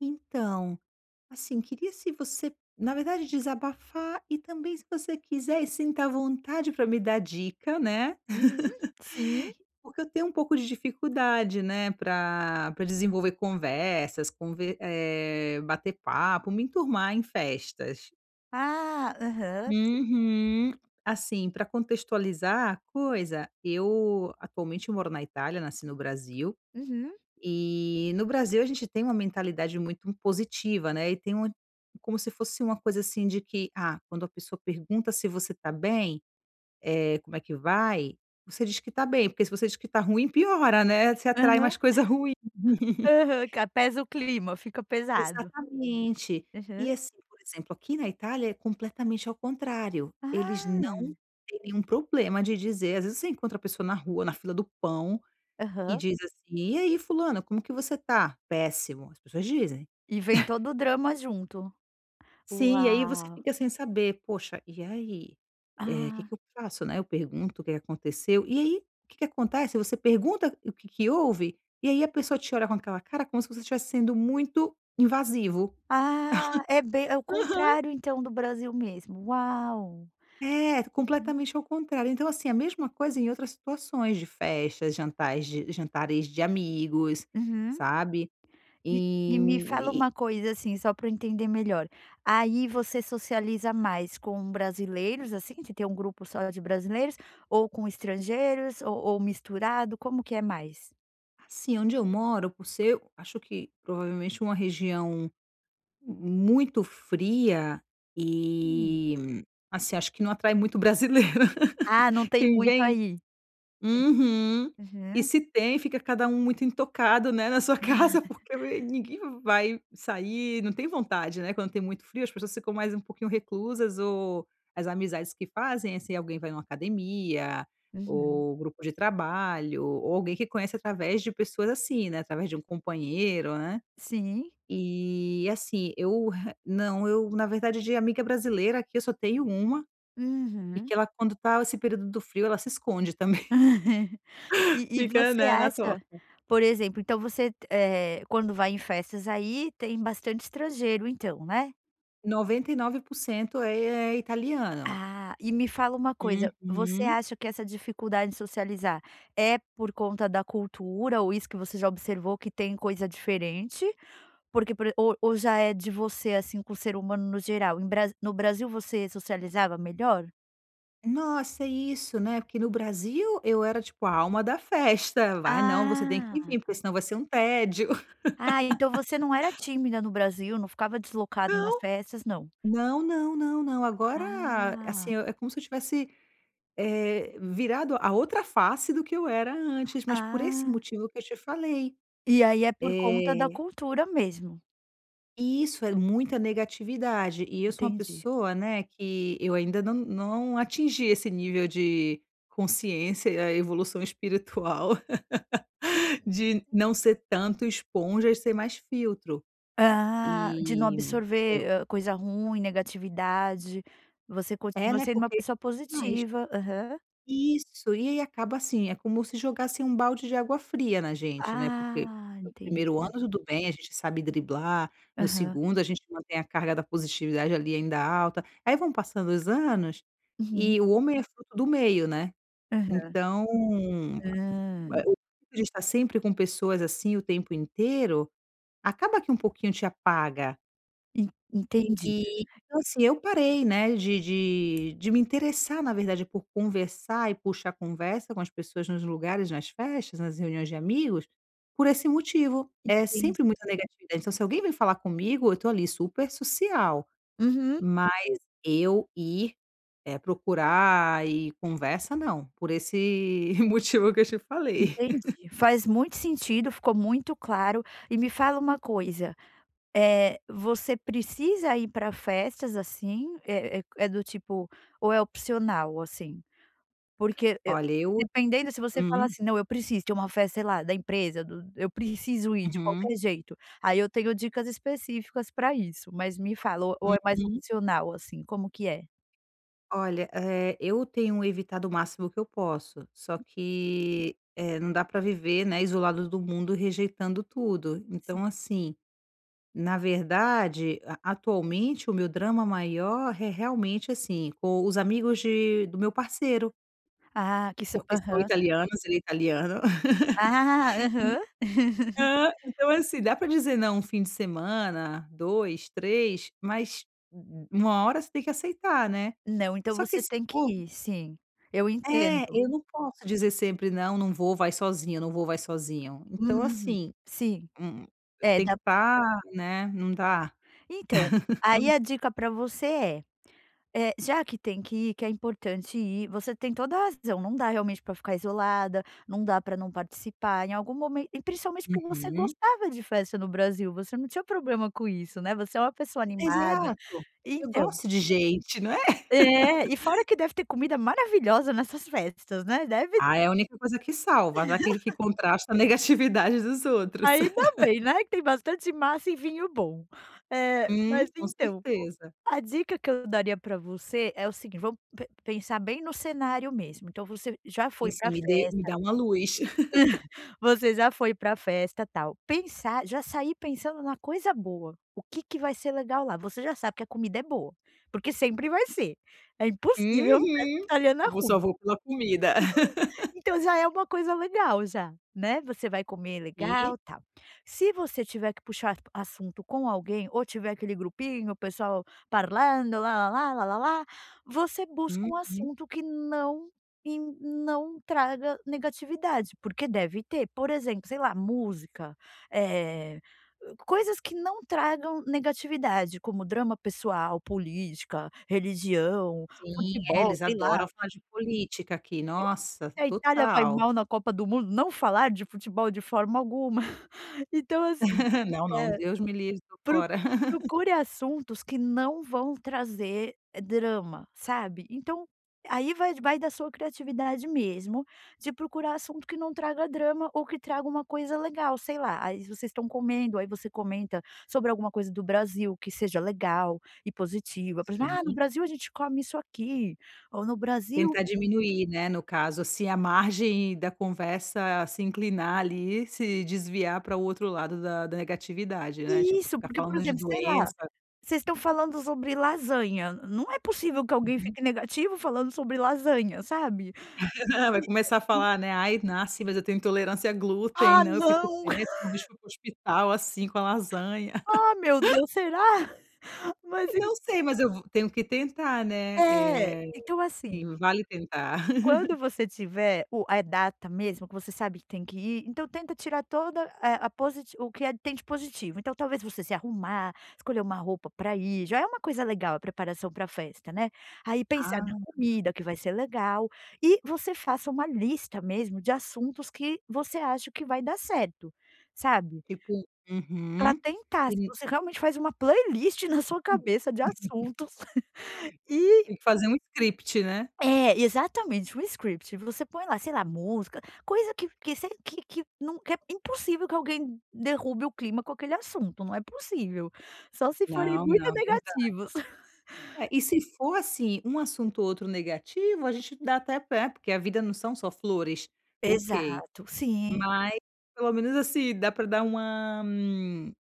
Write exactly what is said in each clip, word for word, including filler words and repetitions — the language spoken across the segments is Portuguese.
Então, assim, queria se você na verdade desabafar, e também se você quiser, e sinta à vontade pra me dar dica, né. Uhum, sim. Porque eu tenho um pouco de dificuldade, né, pra pra desenvolver conversas, conver eh, bater papo, me enturmar, em festas. Ah, aham. Uhum. Assim, pra contextualizar a coisa, eu atualmente moro na Itália, nasci no Brasil. Uhum. E no Brasil a gente tem uma mentalidade muito impositiva, né, e tem uma como se fosse uma coisa assim, de que: "Ah, quando a pessoa pergunta se você tá bem, eh, como é que vai, você diz que está bem, porque se você diz que está ruim, piora, né. Você atrai Aham. mais coisa ruim". Aham. Ca pesa o clima, fica pesado. Exatamente. Aham. E assim, por exemplo, aqui na Itália, é completamente ao contrário. Eles não Ah! têm nenhum problema de dizer às vezes você encontra a pessoa na rua, na fila do pão, e Aham. diz assim: "E aí fulana, como que você está?". "Péssimo." As pessoas dizem. E vem todo o drama junto. Sim, e aí você Uau. fica sem saber: "Poxa, e aí, eh, que Ah. que eu faço, né, eu pergunto o que que aconteceu?". E aí, o que que acontece, você pergunta o que que houve, e aí a pessoa te olha com aquela cara, como se você estivesse sendo muito invasivo. Ah, é bem é o Aham! contrário, então, do Brasil mesmo. Uau. É, Uhum. completamente ao contrário. Então assim, a mesma coisa em outras situações de festas, jantais de jantares de amigos, Uhum. sabe. E e E, me hum, fala e e uma coisa, assim, só pra eu entender melhor, aí você socializa mais com brasileiros, assim, você tem grupo só de brasileiros, ou com estrangeiros, ou ou misturado, como que é mais? Assim, onde eu moro, por ser, acho que provavelmente, uma região muito fria Hum. e, assim, acho que não atrai muito brasileiro, Ah não tem quem muito vem aí? Uhum. É. E, Aham. se tem, fica cada um muito intocado, né, na sua casa, porque ninguém vai sair, não tem vontade, né? Quando tem muito frio, as pessoas ficam mais um pouquinho reclusas, ou as amizades que fazem, assim, alguém vai numa academia, Uhum. ou grupo de trabalho, ou alguém que conhece através de pessoas, assim, né, através de um companheiro, né. Sim. E, assim, eu re eu não Eu, na verdade, de amiga brasileira aqui, eu só tenho uma, e que Uhum. ela, quando tá esse período do frio, ela se esconde também, E e fica, você né, na toca. acha, por exemplo, então você te eh, quando vai em festas aí, tem bastante estrangeiro então, né? noventa e nove por cento é é italiano. Ah, e me fala uma coisa. Você Uhum. acha que essa dificuldade de socializar é por conta da cultura ou isso que você já observou que tem coisa diferente? Porque, por ou ou já é de você assim, com o ser humano no geral? Em Brasi no Brasil você socializava melhor? Nossa, é isso, né. Porque no Brasil, eu era tipo, a alma da festa. "Vai, não, você tem que Ah. ir, porque senão vai ser um tédio". Ah, então você não era tímida no Brasil, não ficava deslocado nas Não. festas, não? Não, não, não, não, agora eh, Ah. assim, é como se eu tivesse, eh, virado a outra face do que eu era antes, mas por esse Ah. motivo que eu te falei. E aí é por conta da Eh cultura mesmo. Isso, é muita negatividade, e eu sou uma Entendi. pessoa, né, que eu ainda não não atingi esse nível de consciência e a evolução espiritual de não ser tanto esponja, e ser mais filtro. Ah. De não E eu absorver, hã, coisa ruim, negatividade. Você É, continua né, sendo uma porque pessoa mais. positiva. Aham. Isso, e aí acaba assim, é como se jogassem um balde de água fria na gente, né, porque Ah, primeiro ano entendi. tudo bem, a gente sabe driblar. No Aham. segundo, a gente mantém a carga da positividade, ali, ainda alta. Aí vão passando os anos, Uhum. e o homem é fruto do meio, né. Aham. Então a Hã. a o a gente tá sempre com pessoas, assim, o tempo inteiro, acaba que um pouquinho te apaga. En entendi. E, então assim, eu parei, né, de de de me interessar, na verdade, por conversar e puxar conversa com as pessoas nos lugares, nas festas, nas reuniões de amigos, por esse motivo. É Entendi. sempre muita negativa, então se alguém vem falar comigo, eu tô ali, super social, Uhum. mas eu ir, eh, procurar e conversa, não. Por esse motivo que eu te falei. Entendi. Faz muito sentido, ficou muito claro. E me fala uma coisa, eh, você precisa ir pra festas, assim? É é é do tipo ou é opcional, assim. Porque eu Olha eu dependendo, se você fala hum. assim: "Não, eu preciso. De uma festa, sei lá, da empresa, do eu preciso ir, de Uhum. qualquer jeito", aí eu tenho dicas específicas pra isso. Mas me fala ou ou é mais Uhum. opcional, assim, como que é? Olha, eh, eu tenho evitado o máximo que eu posso. Só que, eh, não dá pra viver, né, isolados do mundo, rejeitando tudo. Então assim, na verdade a atualmente, o meu drama maior re realmente assim, o os amigos de do meu parceiro. Ah, que são Porque são aham. italianos ele é italiano. Ah! Aham. E hã. Então assim. Dá pra dizer não um fim de semana, dois, três mas, u u uma hora você tem que aceitar, né. Não, então Só que você esse tem que povo ir. Sim. Eu É, entendo. eu não posso dizer sempre: "Não, não vou, vai sozinho. Eu não vou, vai sozinho." Então Uhum. assim. Sim. Hum, eu É, tenho que na tá né. Não dá. Então. Aí a dica pra você é. Eh, já que tem que ir que é importante ir você tem toda a razão. Não dá realmente pra ficar isolada, não dá pra não participar em algum momento e principalmente, porque você Uhum. gostava de festa no Brasil. Você não tinha problema com isso, né. Você é uma pessoa animada. Exato. Eu Então. gosto de gente, não é? É. E fora que deve ter comida maravilhosa nessas festas, né. Deve Ah, é a única coisa que salva, né. Aquele que contrasta a negatividade dos outros. Ainda bem, né. Que tem bastante massa e vinho bom. Eh, Uhum. mas, Com então. Co certeza. a dica que eu daria pra você é o seguint vamos pe pensar bem no cenário mesmo. Então você já E foi sim. pra Me dê me festa dá uma luz. Você já foi pra festa, tal. Pensar já sair pensando numa coisa boa. "O que que vai ser legal lá?" Você já sabe que a comida é boa. Porque sempre vai ser. É impossível festa Uhum. italiana Eu vou ruim. só vou pela comida. Então já é uma coisa legal, já, né. Você vai comer E legal, tal. Se você tiver que puxar a assunto com alguém ou tiver aquele grupinho o pessoal parlando lalala lalala você busca um Uhum. assunto que não e não traga negatividade, porque deve ter. Por exemplo, sei lá, música. Eh, hã, coisas que não tragam negatividade, como drama pessoal, política, religião, Sim, é, futebol, eles sei lá. adoram falar de política aqui. E Nossa! se a Itália vai Total. mal na Copa do Mundo, não falar de futebol de forma alguma. Então assim Não, não. hã. Deus me livre. Tô Pro fora. procure assuntos que não vão trazer drama, sabe. Então aí vai d vai da sua criatividade mesmo, de procurar assunto que não traga drama ou que traga uma coisa legal sei lá. Aí vocês estão comendo. Aí você comenta sobre alguma coisa do Brasil que seja legal e positiva, por exemplo: "Ah, no Sim. Brasil a gente come isso aqui" ou "no Brasil" Tentar diminuir, né, no caso, assim a margem da conversa se inclinar ali, se desviar para o outro lado da da negatividade, né. Tipo, Isso! ficar Porque, por falando de exemplo. Sei lá. doença. Vocês estão falando sobre lasanha. N não é possível que alguém Uhum. fique negativo falando sobre lasanha, sabe? Vai começar a [unintelligible] falar, né: "Ai, nossa, mas eu tenho intolerância a glúten. Ah, Não, eu fico não! péssimo, [unintelligible] fui pro hospital assim com a lasanha." Ah, meu Deus será? Mas em Não sei, mas eu vo tenho que tentar, né. É! Eh, Então assim sim. Vale tentar. quando você tiver o a data mesmo que você sabe que tem que ir, então tenta tirar toda, eh, a posit o que, eh, tem de positivo. Então talvez você se arrumar, escolher uma roupa pra ir já é uma coisa legal, a preparação pra festa, né. Aí pensar na Ah! comida o que vai ser legal. E você faça uma lista mesmo de assuntos que você acha que vai dar certo. Sabe. Tipo Pra uhum. tentar. Se Sim. você realmente faz uma playlist na sua cabeça de assuntos. E Tem que fazer um script, né. É, exatamente. Um script. Você põe lá, sei lá, música coisa que que se que que não que é impossível que alguém derrube o clima com aquele assunto. Não é possível. Só se forem Não, muito não. Verda negativos. É. E se for assim, um assunto ou outro negativo, a gente dá até pé, porque a vida não são só flores. OK. Exato. Sim. Mas pelo menos, assim. Dá pra dar uma m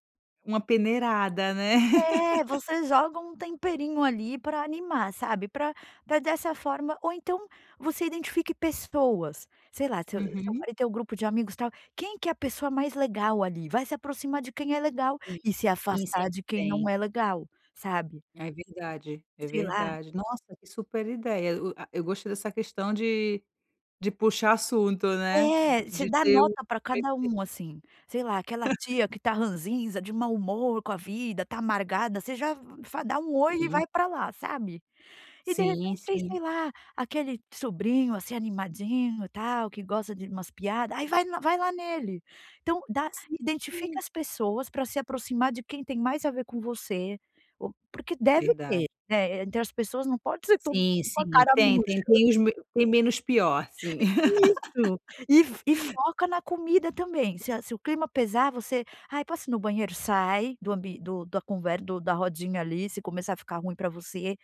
uma peneirada, né. É! Você joga um temperinho ali, pra animar, sabe. Pra pra dessa forma ou então você identifique pessoas. Sei lá, se seu Uhum. marido tem um grupo de amigos, tal. Quem que é a pessoa mais legal ali? Vai se aproximar de quem é legal Sim. e se Sim, afastar sempre de quem não tem. é legal. Sabe. Ai, verdade. É Sei lá verdade. Nossa, que super ideia. O a eu gostei dessa questão de de puxar assunto, né. É. Você De dá ter o. nota pra cada um, [unintelligible] assim. Sei lá. Aquela tia que tá ranzinza, de mau humor com a vida, tá amargada, você já va dá um oi e Sim. vai pra lá, sabe. E, de Sim, repente tem, sim. sei lá. Aquele sobrinho, assim, animadinho tal, que gosta de umas piada aí vai l vai lá nele. Então dá identifica Sim! as pessoas pra se aproximar de quem tem mais a ver com você. O porque deve ter, Verdade. né. Então as pessoas não pode ser todo mundo Sim, com a sim. cara Tem murcha. tem tem os m tem menos pior, sim. Isso! E fo e foca na comida também. Se a se o clima pesar, você: "Ai, posso ir no banheiro?" Sai do ambi do da conver do da rodinha ali se começar a ficar ruim pra você,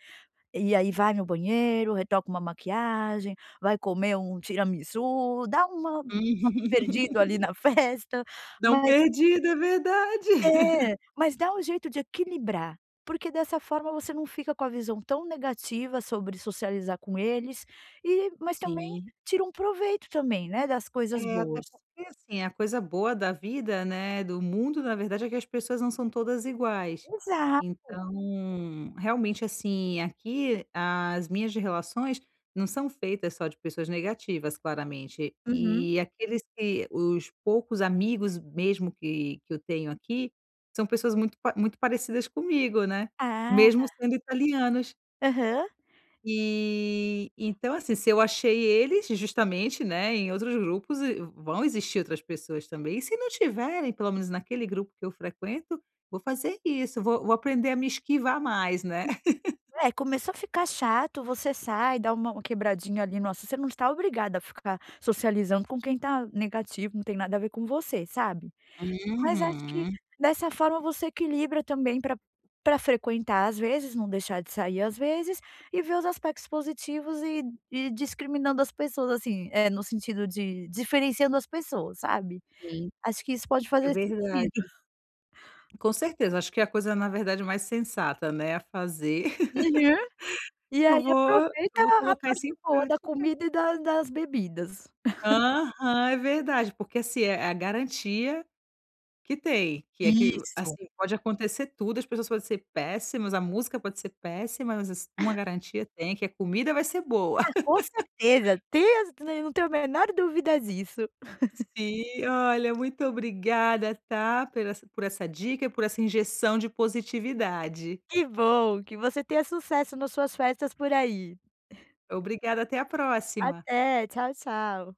e aí vai no banheiro, retoca uma maquiagem, vai comer um tiramisu, dá uma uma Uhum. perdido ali na festa. Dá um Mas perdido. É verdade. É! Mas dá um jeito de equilibrar. Porque dessa forma você não fica com a visão tão negativa sobre socializar com eles e mas também Sim. tira um proveito também, né, das coisas É. Até boas. porque, assim. A coisa boa da vida, né, do mundo, na verdade é que as pessoas não são todas iguais. Exato! Então, realmente, assim, aqui as minhas relações não são feitas só de pessoas negativas, claramente. Uhum. E aqueles que os poucos amigos mesmo que que eu tenho aqui, são pessoas muito pa muito parecidas comigo, né. Ah, Mesmo na sendo italianos. Aham. E, então assim. Se eu achei eles justamente, né, em outros grupos e v vão existir outras pessoas também. E se não tiverem, pelo menos naquele grupo que eu frequento, vou fazer isso. Vou vou aprender a me esquivar mais, né. É, começou a ficar chato, você sai e dá uma quebradinha ali no assu você não está obrigada a ficar socializando com quem tá negativo. Não tem nada a ver com você, sabe. Mas acho que Uhum. dessa forma você equilibra também pra pra frequentar, às vezes não deixar de sair, às vezes e ver os aspectos positivos e ir ir discriminando as pessoas, assim, eh, no sentido de diferenciando as pessoas, sabe. Sim. Acho que isso pode É fazer sentido. verdade. Com certeza. Acho que é a coisa, na verdade mais sensata, né, a fazer. Uhum. E aí Eu vou aproveita eu vou a a colocar parte isso em boa da prática. comida e da das bebidas. Aham, é verdade. Porque assim, é é a garantia que tem. Que é que o Isso. assim. Pode acontecer tudo as pessoas podem ser péssimas, a música pode ser péssima, mas assi uma garantia tem, que a comida vai ser boa. Ah, com certeza! Te eu não tenho a menor dúvida disso. Sim. Olha, muito obrigada, tá, por essa por essa dica e por essa injeção de positividade. Que bom! Que você tenha sucesso nas suas festas por aí. Obrigada. Até a próxima. Até. Tchau, tchau.